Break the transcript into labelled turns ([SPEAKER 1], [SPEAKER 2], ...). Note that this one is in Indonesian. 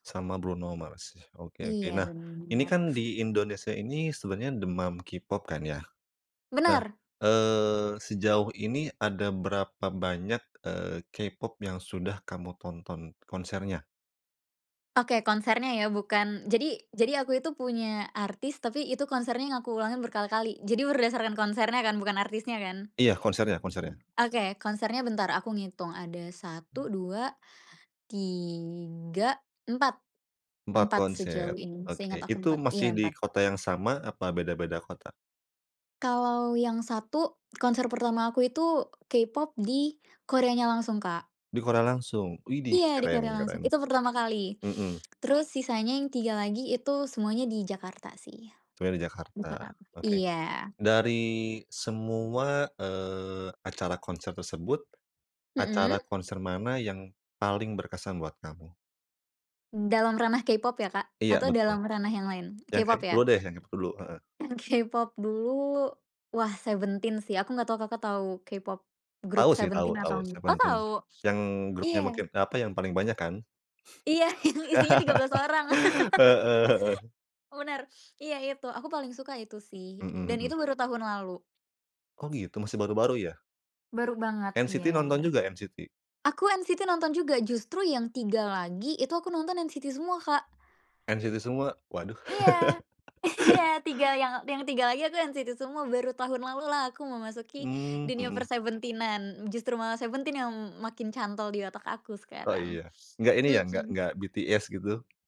[SPEAKER 1] Sama Bruno Mars, oke, oke.
[SPEAKER 2] Iya
[SPEAKER 1] Nah
[SPEAKER 2] bener,
[SPEAKER 1] ini
[SPEAKER 2] bener.
[SPEAKER 1] kan di Indonesia ini sebenarnya demam K-Pop kan ya, nah,
[SPEAKER 2] Bener.
[SPEAKER 1] eee, sejauh ini ada berapa banyak, eee, K-Pop yang sudah kamu tonton konsernya?
[SPEAKER 2] Oke konsernya ya, bukan jadi jadi aku itu punya artis, tapi itu konsernya aku ulangan berkali-kali. Jadi berdasarkan konsernya kan, bukan artisnya kan?
[SPEAKER 1] Iya konsernya, konsernya.
[SPEAKER 2] Oke, konsernya bentar, aku ngitung. Ada 1, 2, 3, 4.
[SPEAKER 1] Empat
[SPEAKER 2] Empat
[SPEAKER 1] konser,
[SPEAKER 2] sejauh ini,
[SPEAKER 1] oke.
[SPEAKER 2] seingat aku
[SPEAKER 1] Itu
[SPEAKER 2] 4.
[SPEAKER 1] masih
[SPEAKER 2] Iya
[SPEAKER 1] di
[SPEAKER 2] 4.
[SPEAKER 1] kota yang sama apa beda-beda kota?
[SPEAKER 2] Kalau yang 1, konser pertama aku itu K-Pop di Koreanya langsung Kak.
[SPEAKER 1] Di Korea langsung, widih
[SPEAKER 2] Iya, di
[SPEAKER 1] keren,
[SPEAKER 2] Korea langsung.
[SPEAKER 1] keren.
[SPEAKER 2] Itu pertama kali.
[SPEAKER 1] Mhm.
[SPEAKER 2] Terus sisanya yang 3 lagi itu semuanya di Jakarta sih,
[SPEAKER 1] Semuanya di Jakarta,
[SPEAKER 2] [unintelligible]
[SPEAKER 1] oke.
[SPEAKER 2] iya.
[SPEAKER 1] Dari semua, eee, acara konser tersebut, acara
[SPEAKER 2] Mhm.
[SPEAKER 1] konser mana yang paling berkesan buat kamu?
[SPEAKER 2] Dalam ranah K-pop ya Kak?
[SPEAKER 1] Iya
[SPEAKER 2] Atau
[SPEAKER 1] betul.
[SPEAKER 2] dalam ranah yang lain?
[SPEAKER 1] Yang
[SPEAKER 2] K-pop
[SPEAKER 1] K-Pop dulu
[SPEAKER 2] ya?
[SPEAKER 1] deh, yang K-Pop dulu, heeh.
[SPEAKER 2] K-pop dulu, wah SEVENTEEN sih aku gak tau Kakak tau K-Pop
[SPEAKER 1] Tahu
[SPEAKER 2] group
[SPEAKER 1] sih tahu,
[SPEAKER 2] SEVENTEEN atau
[SPEAKER 1] tahu
[SPEAKER 2] ngg oh
[SPEAKER 1] SEVENTEEN.
[SPEAKER 2] tau?
[SPEAKER 1] Yang grupnya
[SPEAKER 2] Iya.
[SPEAKER 1] makin eee, apa yang paling banyak kan?
[SPEAKER 2] Iya yang isinya 13 orang.
[SPEAKER 1] Heeh, heeh.
[SPEAKER 2] Bener, iya itu aku paling suka itu sih,
[SPEAKER 1] Mhm,
[SPEAKER 2] dan
[SPEAKER 1] mhm.
[SPEAKER 2] itu baru tahun lalu.
[SPEAKER 1] Oh gitu, masih baru-baru ya?
[SPEAKER 2] Baru banget,
[SPEAKER 1] NCT
[SPEAKER 2] iya.
[SPEAKER 1] nonton juga, NCT?
[SPEAKER 2] Aku NCT nonton juga, justru yang 3 lagi itu aku nonton NCT semua Kak.
[SPEAKER 1] NCT semua, waduh.
[SPEAKER 2] Iya. Iya 3 yang yang 3 lagi aku NCT semua baru tahun lalu lah aku memasuki
[SPEAKER 1] Mmm,
[SPEAKER 2] dunia
[SPEAKER 1] mhm.
[SPEAKER 2] per-SEVENTEEN-an, justru malah SEVENTEEN yang makin cantol di otak aku
[SPEAKER 1] Oh
[SPEAKER 2] sekarang,
[SPEAKER 1] iya enggak ini ya enggak enggak
[SPEAKER 2] mhm.
[SPEAKER 1] BTS gitu?